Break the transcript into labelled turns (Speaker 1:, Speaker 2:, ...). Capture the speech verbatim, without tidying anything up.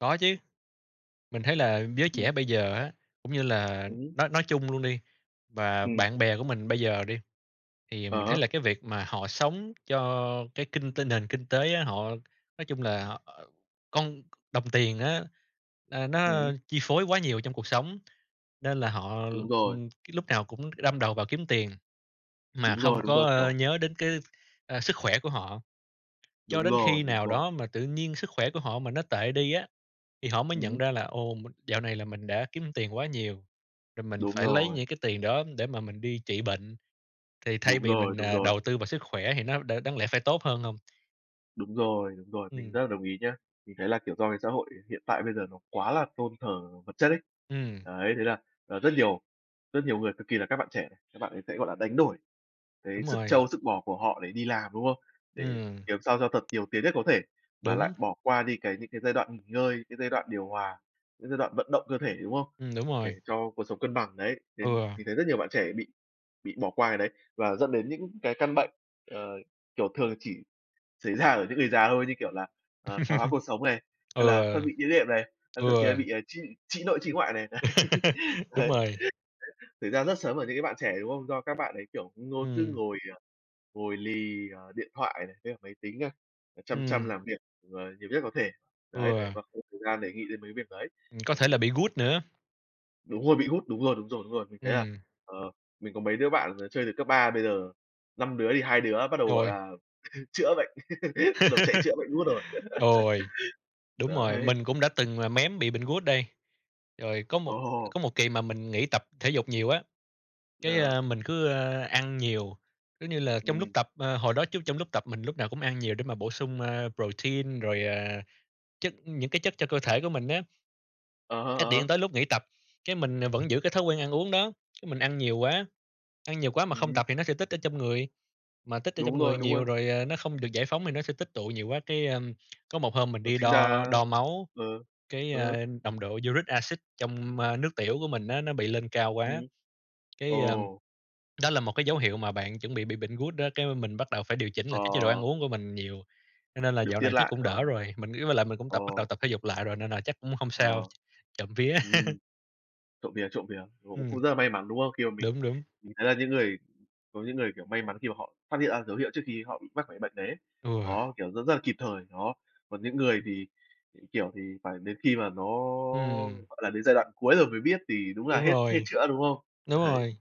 Speaker 1: Có chứ. Mình thấy là giới trẻ
Speaker 2: Ừm.
Speaker 1: bây giờ á, cũng như là
Speaker 2: Ừm hứm.
Speaker 1: nói nói chung luôn đi, và
Speaker 2: Ừm.
Speaker 1: bạn bè của mình bây giờ đi, thì
Speaker 2: Ờ
Speaker 1: mình thấy
Speaker 2: há.
Speaker 1: là cái việc mà họ sống cho cái kinh tinh nền kinh tế á, họ nói chung là họ, ờ, con đồng tiền á, ờ,
Speaker 2: Ừm hứm.
Speaker 1: nó chi phối quá nhiều trong cuộc sống. Nên là họ,
Speaker 2: Đúng rồi.
Speaker 1: ừm, cái lúc nào cũng đâm đầu vào kiếm tiền, mà
Speaker 2: Đúng rồi,
Speaker 1: không
Speaker 2: đúng
Speaker 1: có,
Speaker 2: rồi,
Speaker 1: ơ,
Speaker 2: kiểu
Speaker 1: nhớ đến cái, ờ, sức khỏe của họ, cho
Speaker 2: Đúng
Speaker 1: đến
Speaker 2: rồi,
Speaker 1: khi
Speaker 2: đúng
Speaker 1: nào
Speaker 2: rồi.
Speaker 1: đó mà tự nhiên sức khỏe của họ mà nó tệ đi á thì họ mới
Speaker 2: Ừm
Speaker 1: nhận
Speaker 2: hứm.
Speaker 1: ra là "Ồ, m dạo này là mình đã kiếm tiền quá nhiều, rồi mình
Speaker 2: Đúng
Speaker 1: phải lấy
Speaker 2: rồi.
Speaker 1: những cái tiền đó để mà mình đi trị bệnh." Thì thay
Speaker 2: Đúng
Speaker 1: vì
Speaker 2: rồi,
Speaker 1: mình,
Speaker 2: đúng
Speaker 1: ờ,
Speaker 2: rồi.
Speaker 1: đầu tư vào sức khỏe thì nó đ đáng lẽ phải tốt hơn hông?
Speaker 2: Đúng rồi, đúng rồi, mình
Speaker 1: Ừm.
Speaker 2: rất là đồng ý nhá. Mình thấy là, kiểu, do cái xã hội hiện tại bây giờ nó quá là tôn thờ vật chất ấy.
Speaker 1: Ừm.
Speaker 2: Đấy, thế là, à, rất nhiều rất nhiều người, cực kỳ là các bạn trẻ, các bạn ấy sẽ, gọi là, đánh đổi cái
Speaker 1: Đúng
Speaker 2: sức
Speaker 1: rồi.
Speaker 2: trâu, sức bò của họ để đi làm, đúng không? Để
Speaker 1: Ừm.
Speaker 2: kiếm sao cho thật nhiều tiền nhất có thể, mà
Speaker 1: Đúng.
Speaker 2: lại bỏ qua đi, cái, những cái giai đoạn nghỉ ngơi, cái giai đoạn điều hòa, những giai đoạn vận động cơ thể, đúng không?
Speaker 1: Ừm, đúng
Speaker 2: Để
Speaker 1: rồi.
Speaker 2: cho cuộc sống cân bằng, đấy. Nên
Speaker 1: Ừ.
Speaker 2: mình thấy rất nhiều bạn trẻ bị bị bỏ qua cái đấy và dẫn đến những cái căn bệnh, ờ, kiểu, thường chỉ xảy ra ở những người già thôi, như kiểu là, ờ, thoái hóa cột sống này,
Speaker 1: Ừ.
Speaker 2: hay là thoát
Speaker 1: Ừ.
Speaker 2: vị đĩa đệm này, hay thậm chí là
Speaker 1: Ừm.
Speaker 2: bị, à, trĩ trĩ nội, trĩ ngoại này.
Speaker 1: Đúng
Speaker 2: Đấy, đấy.
Speaker 1: rồi.
Speaker 2: Thật ra rất là sớm ở những cái bạn trẻ, đúng không? Do các bạn ấy, kiểu, ngôi cứ
Speaker 1: Ừm.
Speaker 2: ngồi, ờ, ngồi lì, ờ, điện thoại này, với máy tính à, chăm chăm
Speaker 1: Ừm.
Speaker 2: làm việc, ờ, nhiều nhất có thể. Đấy, đấy,
Speaker 1: Ừ.
Speaker 2: và không có thời gian để nghĩ đến mấy việc đấy.
Speaker 1: Ừm, có
Speaker 2: Và
Speaker 1: thể là
Speaker 2: mình
Speaker 1: bị gout nữa.
Speaker 2: Đúng rồi, bị gout, đúng rồi, đúng rồi, đúng rồi. Mình thấy là,
Speaker 1: Ừm.
Speaker 2: ờ, mình có mấy đứa bạn, ờ, chơi từ cấp ba, bây giờ năm đứa thì hai đứa bắt đầu, gọi
Speaker 1: Rồi.
Speaker 2: là, chữa bệnh, bắt đầu chạy chữa bệnh gout rồi.
Speaker 1: Rồi. Đúng rồi,
Speaker 2: Đấy.
Speaker 1: mình cũng đã từng là mém bị bệnh gout đây. Rồi có một
Speaker 2: Ồ!
Speaker 1: có một kỳ mà mình nghỉ tập thể dục nhiều á, cái,
Speaker 2: Được.
Speaker 1: a, mình cứ, a, ăn nhiều, giống như là, trong lúc
Speaker 2: Ừm.
Speaker 1: tập, à, hồi đó trước trong lúc tập mình lúc nào cũng ăn nhiều để mà bổ sung, ơ, protein rồi, à, chất những cái chất cho cơ thể của mình á.
Speaker 2: Ờ hơ,
Speaker 1: Cái
Speaker 2: ờ
Speaker 1: điện
Speaker 2: hơ.
Speaker 1: tới lúc nghỉ tập, cái mình vẫn giữ cái thói quen ăn uống đó, cái mình ăn nhiều quá, ăn nhiều quá mà
Speaker 2: Ừm
Speaker 1: không
Speaker 2: hưm.
Speaker 1: tập thì nó sẽ tích ở trong người, mà tích ở trong
Speaker 2: Đúng
Speaker 1: người
Speaker 2: rồi, đúng
Speaker 1: nhiều
Speaker 2: rồi.
Speaker 1: rồi, ờ, nó không được giải phóng thì nó sẽ tích tụ nhiều quá. Cái, ưm, có một hôm mình
Speaker 2: Nó
Speaker 1: đi
Speaker 2: sinh
Speaker 1: đo
Speaker 2: ra
Speaker 1: đo máu,
Speaker 2: ừ.
Speaker 1: cái,
Speaker 2: Ừ hứ.
Speaker 1: a, nồng độ uric acid trong nước tiểu của mình á nó bị lên cao quá,
Speaker 2: Ừm.
Speaker 1: cái, ơ,
Speaker 2: Ồ.
Speaker 1: đó là một cái dấu hiệu mà bạn chuẩn bị bị bệnh gout đó. Cái mà mình bắt đầu phải điều chỉnh cái chế độ ăn
Speaker 2: Ờ.
Speaker 1: uống của mình nhiều, cho nên là
Speaker 2: Điều
Speaker 1: dạo
Speaker 2: tiết
Speaker 1: này chắc
Speaker 2: lại.
Speaker 1: cũng
Speaker 2: Ờ.
Speaker 1: đỡ rồi. Mình nghĩ với lại mình cũng tập bắt đầu
Speaker 2: Ồ.
Speaker 1: tập thể dục lại rồi nên là chắc cũng hông
Speaker 2: Ờ.
Speaker 1: sao. Trộm vía.
Speaker 2: Ừm. Trộm vía, trộm vía, cũng
Speaker 1: Ừm.
Speaker 2: cũng rất là may mắn, đúng không? Khi mà mình
Speaker 1: Đúng, đúng.
Speaker 2: mình thấy là những người có những người, kiểu, may mắn khi mà họ phát hiện ra dấu hiệu trước khi họ bị mắc phải bệnh đấy.
Speaker 1: Ừ.
Speaker 2: Đó, kiểu, rất rất là kịp thời, đó. Còn những người thì, kiểu, thì phải đến khi mà nó,
Speaker 1: Ừm.
Speaker 2: gọi là, đến giai đoạn cuối rồi mới biết thì đúng là
Speaker 1: Đúng
Speaker 2: hết hết
Speaker 1: rồi.
Speaker 2: chữa, đúng không?
Speaker 1: Đúng
Speaker 2: Đấy.
Speaker 1: rồi.